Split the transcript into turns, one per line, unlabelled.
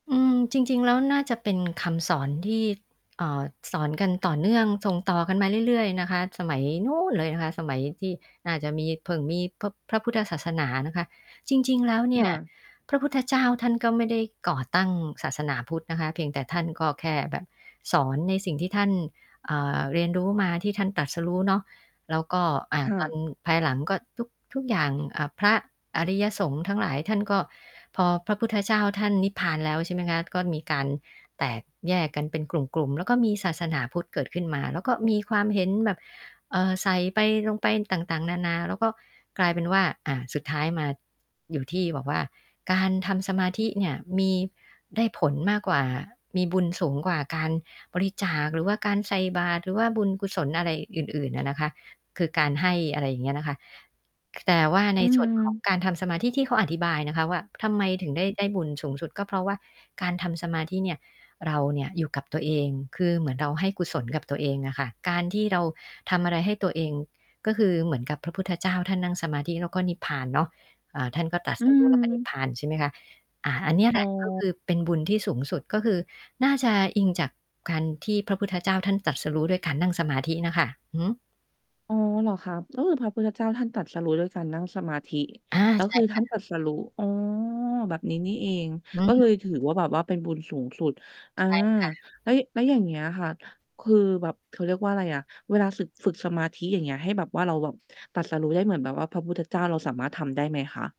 อืม จริง ๆ แล้วน่าจะเป็นคำสอนที่ เอ่อ สอนกันต่อเนื่องส่งต่อกันมาเรื่อย ๆ นะคะ สมัยนู้นเลยนะคะ สมัยที่น่าจะมี เพิ่งมี พ พระพุทธศาสนานะคะ จริง ๆ แล้วเนี
ค
่
่
ย
ะ
พระพุทธเจ้าท่านก็ไม่ได้ก่อตั้งศาสนาพุทธนะคะ เพียงแต่ท่านก็แค่แบบสอนในสิ่งที่ท่าน อ่า เรียนรู้มา ที่ท่านตรัสรู้เนาะ แล้วก็ อ่า
ค่
ตอ
ะ
นภายหลังก็ ทุก ทุกอย่าง เอ่อ พระอริยสงฆ์ทั้งหลาย ท่านก็ พอพระพุทธเจ้าท่านนิพพานแล้ว ใช่ไหมคะ ก็มีการแตกแยกกันเป็นกลุ่ม ๆ แล้วก็มีศาสนาพุทธเกิดขึ้นมา แล้วก็มีความเห็นแบบ เอ่อ ใส่ไป ลงไป ต่าง ๆ นานา แล้วก็กลายเป็นว่า อ่า สุดท้ายมาอยู่ที่บอกว่า การทำสมาธิเนี่ย มี ได้ผลมากกว่า มีบุญสูงกว่าการบริจาค หรือว่าการใส่บาตร หรือว่าบุญกุศลอะไรอื่น ๆ อะนะคะ คือการให้ อะไรอย่างเงี้ยนะคะ แต่ว่า
อ
ใ
ื
น ส่วนของ
อ
การทำสมาธิ ที่เขาอธิบายนะคะว่า ทำไมถึงได้ได้บุญสูงสุด ก็เพราะว่าการทำสมาธิเนี่ย เราเนี่ย อยู่กับตัวเอง คือเหมือนเราให้กุศลกับตัวเองอะค่ะ การที่เราทำอะไรให้ตัวเอง ก็คือเหมือนกับพระพุทธเจ้าท่านนั่งสมาธิ แล้วก็นิพพานเนาะ อ่า ท่านก็ ตรัส
อื
รู้ แล้วก็นิพ
ม
พาน ใช่ไหมคะ อา อันเนี้ยแ
อ
ห
๋
ละ ก็ค
อ
ือเป็นบุญที่สูงสุด ก็คือน่าจะอิงจากการที่พระพุทธเจ้าท่านตรัสรู้ ด้วยการนั่งสมาธิน่ะค่ะ อือฮึ
อ๋อ เหรอคะ? ก็คือพระพุทธเจ้าท่านตรัสรู้ด้วยการนั่งสมาธิ
อา
ก็
ใช
ค
่
ือท
ค
่
่
าน
ะ
ตรัสรู้ อ๋อ แบบนี้นี่เอง
อื
ก็เล
ม
ยถือว่าแบบว่าเป็นบุญสูงสุด อา
ใช่ค่ะ
แล้ว แล้วอย่างเงี้ยค่ะ คือแบบ เขาเรียกว่าอะไรอะ เวลาสึก ฝึกสมาธิ อย่างเงี้ย ให้แบบว่าเราแบบตรัสรู้ได้เหมือนแบบว่าพระพุทธเจ้า เราสามารถทำได้ไหมคะ?